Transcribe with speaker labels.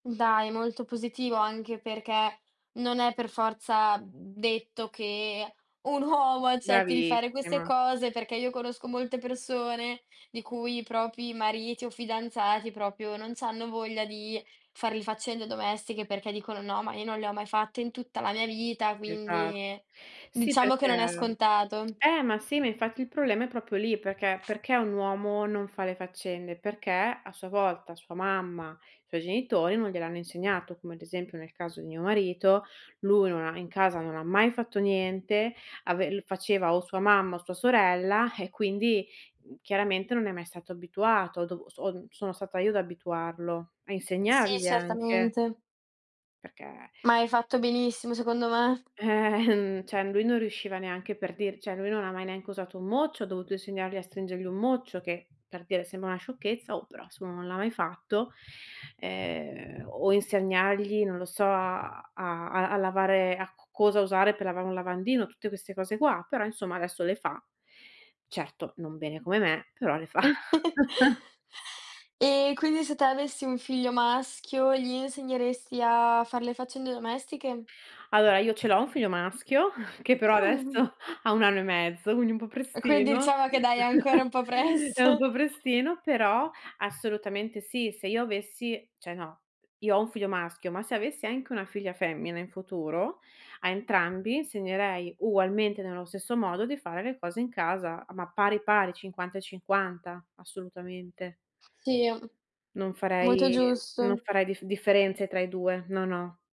Speaker 1: Dai, molto positivo, anche perché non è per forza detto che un uomo accetti di fare queste
Speaker 2: Bravissima.
Speaker 1: cose, perché io conosco molte persone di cui i propri mariti o fidanzati, proprio, non c'hanno voglia di far le faccende domestiche, perché dicono: “No, ma io non le ho mai fatte in tutta la mia vita”
Speaker 2: Esatto.
Speaker 1: quindi,
Speaker 2: Sì,
Speaker 1: diciamo che non è
Speaker 2: perché
Speaker 1: scontato.
Speaker 2: eh, ma sì, ma, infatti, il problema è proprio lì, perché perché un uomo non fa le faccende? Perché, a sua volta, sua mamma, i suoi genitori non gliel'hanno insegnato, come, ad esempio, nel caso di mio marito: lui non ha in casa non ha mai fatto niente, ave le faceva o sua mamma o sua sorella eh, quindi, mhmm, chiaramente, non è mai stato abituato o do o son sono stata io ad abituarlo, a
Speaker 1: Uhm, sì,
Speaker 2: insegnargli anche
Speaker 1: certamente.
Speaker 2: perché
Speaker 1: Ma hai fatto benissimo, secondo me.
Speaker 2: ehm, cioè, lui non riusciva neanche, per dir cioè, lui non ha mai, neanche usato un mocio. Ho dovuto insegnargli a stringere un mocio che, per dire, sembra una sciocchezza oh, però, se uno non l'ha mai fatto, ehm, o insegnargli, non lo so, a a a lavare, a c cosa usare per lavare un lavandino, tutte queste cose qua, però, insomma, adesso le fa. Certo, non bene come me, però le fa.
Speaker 1: E quindi se tu avessi un figlio maschio, gli insegneresti a fare le faccende domestiche?
Speaker 2: Allora, io ce l'ho un figlio maschio che, però,
Speaker 1: Ah.
Speaker 2: adesso ha 1 anno e mezzo, quindi un po'
Speaker 1: E quindi
Speaker 2: prestino,
Speaker 1: diciamo che dai, è ancora un po'
Speaker 2: è un
Speaker 1: presto.
Speaker 2: po' prestino, però, assolutamente, sì. Se io avessi cioè, no, io ho un figlio maschio, ma, se avessi anche una figlia femmina in futuro, a entrambi insegnerei, ugualmente, nello stesso modo di fare le cose in casa, ma pari, pari, 50 e 50, assolutamente.
Speaker 1: Sì, mhmm,
Speaker 2: Non
Speaker 1: molto
Speaker 2: farei non
Speaker 1: giusto.
Speaker 2: farei diffe differenze tra i 2, no, no.